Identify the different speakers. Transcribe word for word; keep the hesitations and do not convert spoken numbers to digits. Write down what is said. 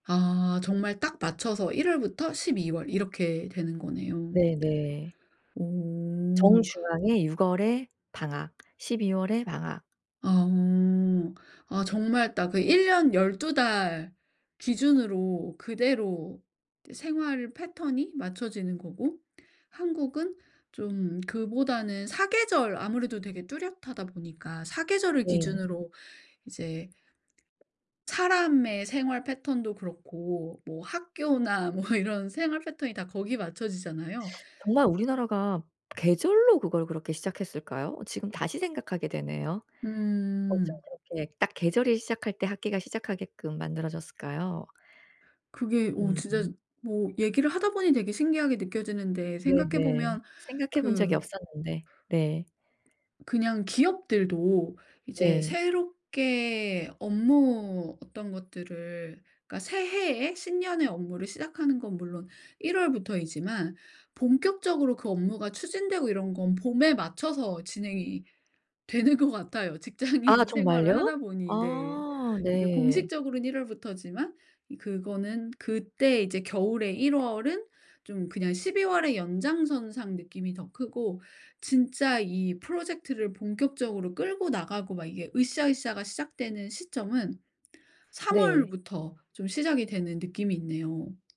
Speaker 1: 아 정말 딱 맞춰서 일 월부터 십이 월 이렇게 되는 거네요.
Speaker 2: 네네.
Speaker 1: 오.
Speaker 2: 정중앙에 육 월에 방학, 십이 월에 방학.
Speaker 1: 아. 아 정말 딱 그 일 년 열두 달 기준으로 그대로 생활 패턴이 맞춰지는 거고 한국은 좀 그보다는 사 계절 아무래도 되게 뚜렷하다 보니까 사 계절을
Speaker 2: 네.
Speaker 1: 기준으로 이제 사람의 생활 패턴도 그렇고 뭐 학교나 뭐 이런 생활 패턴이 다 거기 맞춰지잖아요.
Speaker 2: 정말 우리나라가 계절로 그걸 그렇게 시작했을까요? 지금 다시 생각하게 되네요. 어쩜
Speaker 1: 음.
Speaker 2: 그렇게 딱 계절이 시작할 때 학기가 시작하게끔 만들어 졌을까요?
Speaker 1: 그게 어 진짜
Speaker 2: 음.
Speaker 1: 뭐 얘기를 하다 보니 되게 신기하게 느껴지는데 생각해
Speaker 2: 네네.
Speaker 1: 보면
Speaker 2: 생각해 본 적이
Speaker 1: 그
Speaker 2: 없었는데. 네.
Speaker 1: 그냥 기업들도 이제
Speaker 2: 네.
Speaker 1: 새롭게 업무 어떤 것들을 그러니까 새해에 신년의 업무를 시작하는 건 물론 일 월부터이지만 본격적으로 그 업무가 추진되고 이런 건 봄에 맞춰서 진행이 되는 것 같아요
Speaker 2: 아
Speaker 1: 직장인 생활을 하다
Speaker 2: 정말요?
Speaker 1: 보니. 네.
Speaker 2: 아
Speaker 1: 이게
Speaker 2: 네.
Speaker 1: 공식적으로는 일 월부터지만 이 그거는 그때 이제 겨울의 일 월은 좀 그냥 십이 월의 연장선상 느낌이 더 크고 진짜 이 프로젝트를 본격적으로 끌고 나가고 막 이게 으쌰으쌰가 시작되는 시점은 삼
Speaker 2: 네.
Speaker 1: 월부터 좀 시작이 되는 느낌이 있네요.